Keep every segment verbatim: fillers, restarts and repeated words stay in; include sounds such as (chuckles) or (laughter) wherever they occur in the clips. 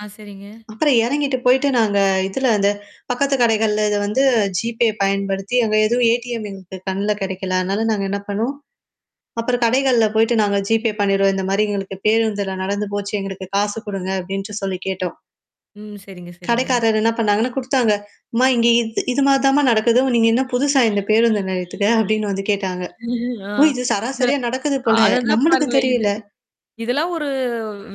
ஆ, சரிங்க. அப்புறம் இறங்கிட்டு போயிடு நாங்க இதுல இந்த பக்கத்து கடைகள்ல இத வந்து GPay பயன்படுத்தி, அங்க எதுவும் ATM எங்களுக்கு கண்ணல கிடைக்கல அதனால நாங்க என்ன பண்ணுவோம்? அப்புறம் கடைகள்ல போயிடு நாங்க GPay பண்ணிடுறோம். இந்த மாரி எங்களுக்கு பேருந்துல நடந்து போச்சு. எங்களுக்கு காசு குடுங்க அப்டின்ட்டு சொல்லி கேட்டோம். ம். சரிங்க, சரிங்க. கடைக்காரர் என்ன பண்ணாங்கன்னா குடுத்தாங்க." அம்மா இங்க இது இது மாரி தாம்மா நடக்குது நீங்க என்ன புதுசா இந்த பேருந்த நிலயத்துக்கு" அப்படின்னு வந்து கேட்டாங்க. (chuckles) ஆ ஓ! இது இற சராசரியா நடக்குது போல. அததான் நம்மளுக்கு பாருங்களே! இது தெரியல. இதெல்லாம் ஒரு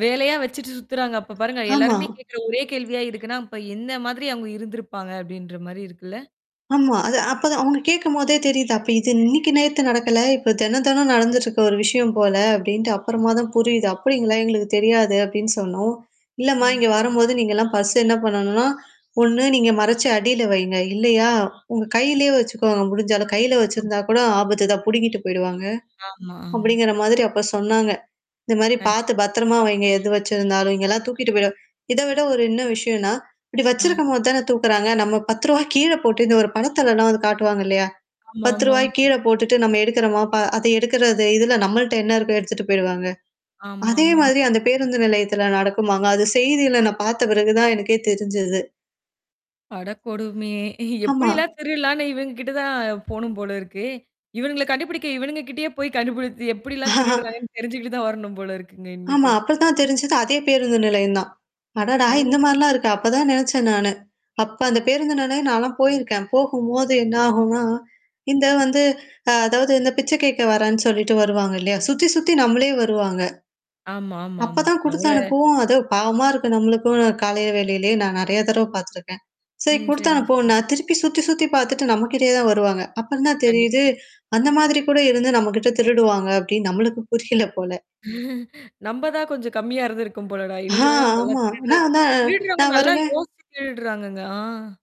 வேலையா வச்சுட்டு சுத்துறாங்க. அப்ப பாருங்க. ஆமா. எல்லாருமே கேட்கற ஒரே கேள்வியா இருக்குன்னா, இப்ப என்ன மாதிரி அவுங்க இருந்திருப்பாங்க அப்டின்ற மாரி இருக்குல்ல? ஆமா. அது அப்ப அவங்க கேட்கும்போதே தெரியுது. அப்ப இது இன்னைக்கு நேத்து நடக்கல. இப்ப தென தென நடந்துட்டுருக்க ஒரு விஷயம் போல அப்டின்ட்டு அப்புறமா தான் புரியுது. அப்படிங்களா? எங்களுக்கு தெரியாது அப்டின்னு சொன்னோம். இல்லம்மா ம். இங்க சரி. வரும்போது நீங்கலாம் பர்ஸ்ஸ என்ன பண்ணணும்னா, ஒண்ணு நீங்க மறைச்சு அடியில வைங்க. இல்லையா உங்க கையிலயே வச்சுக்கோங்க. முடிஞ்சாலும் ஆமா. கையில ஆமா. வச்சிருந்தா கூட ஆபத்து தான் புடுங்கிட்டு போயிடுவாங்க. ஆமா. ஆமா. அப்படிங்கிற மாதிரி அப்ப சொன்னாங்க. இந்த மாரி பார்த்து கண்டிப்பா. பத்திரமா வைங்க எது வச்சிருந்தாலும் இங்கல்லாம் தூக்கிட்டு போயிட இத விட ஒரு என்ன விஷயம்னா, இப்டி ஆ. வச்சிருக்கும்போது தானே தூக்குறாங்க. நம்ம பத்து ரூவா கீழ போட்டு இந்த ஒரு படத்தெல்லாம் வந்து காட்டுவாங்க இல்லையா? பத்து ஆமாமா. ரூபாய் கீழ போட்டுட்டு நம்ம எடுக்குறோமா? ப அத எடுக்கறது இது இதுல நம்மள்ட்ட என்ன இருக்கோ எடுத்துட்டு போயிடுவாங்க? அதே ஆமாாமாங்க. மாதிரி அந்த பேருந்து நிலையத்தில நடக்குமாங்க. அது செய்தியில நான் பார்த்த பிறகு தான் எனக்கே தெரிஞ்சது. அடக்கொடுமையே! ஆமா. எப்டிலாம் திருடலான்னு இவங்க கிட்ட தான் போணும் போல இருக்கே. இவன்ங்கல கண்டுபிடிக்க இவனுங்க கிட்டயே போய் கண்டுபிடித்து எப்ப்டிலாம் (laughs) திருடுறாங்கன்னு தெரிஞ்சுகிட்டு தான் வரணும் போல இருக்குங்க ஆமா. இன்னிமேட்டு. அப்படித்தான் தெரிஞ்சது அதே பேருந்து நிலையம் தான். அடடா! இந்த ஓ! மாரிலாம் இருக்கு. அப்பதான் நினச்சேன் நானு. அப்ப அந்த பேருந்துனனே நானெல்லாம் போயிருக்கேன். போகும்போது என்ன ஆகும்னா, இந்த வந்து அ அதாவது இந்த பிச்சை கேட்க வரேன்னு சொல்லிட்டு வருவாங்க இல்லையா? சுத்தி சுத்தி நம்மளே வருவாங்க ஆமா, ஆமாமா. அப்பதான் குடுத்து அவ்ளோ. அனுப்பவோம். அது பாவமா இருக்கு நம்மளுக்கும் காலை வேலைலயே நான் நெறைய தடவ பார்த்துருக்கேன். சரி ம். குடுத்தனு சரிங்க. அனுப்பவோம்னா சரி. நான் திருப்பி சுத்தி, சுத்தி பார்த்துட்டு நம்மகிட்டயே தான் வருவாங்க. அப்புறம் தான் கண்டிப்பா. தெரியுது. அந்த மாதிரி கூட இருந்து நம்மகிட்ட திருடுவாங்க அப்டின்னு நம்மளுக்கு புரியல போல. (chuckles) நம்ப தான் கொஞ்சம் கம்மியா இருந்திருக்கும் போலடா! ஆ, இவ்வுங்களல்லாம் நல்லா ஆமா. திருடுற நான் வந்த திருடுறவங்க நான் நல்லா வருவேன் யோசிச்சு கிளடுறாங்கங்க. ஆ.